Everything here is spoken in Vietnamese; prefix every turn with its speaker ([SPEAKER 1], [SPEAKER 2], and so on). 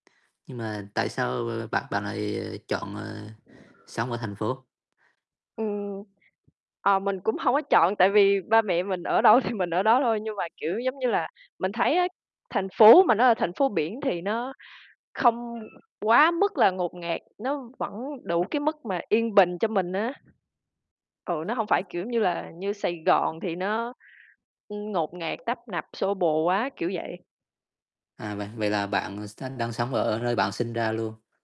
[SPEAKER 1] Nhưng mà tại sao, ơ, bạn bạn lại, ờ, chọn, ờ, sống ở thành phố?
[SPEAKER 2] Ừm, ờ, mình cũng hông có chọn, tại vì ba mẹ mình ở đâu thì mình ở đó thôi. Nhưng mà, kiểu, giống như là, mình thấy á, thành phố mà nó ở thành phố biển thì nó không quá mức là ngột ngạt, nó vẫn đủ cái mức mà yên bình cho mình á. Ừ, nó hông
[SPEAKER 1] Ừm.
[SPEAKER 2] phải, kiểu, giống như là, như Sài Gòn thì nó, ưm, ngột ngạt, tấp nập, xô bồ quá, kiểu vậy.
[SPEAKER 1] À, vậy vậy là bạn, ờ, xanh đang sống ở nơi bạn sinh ra luôn?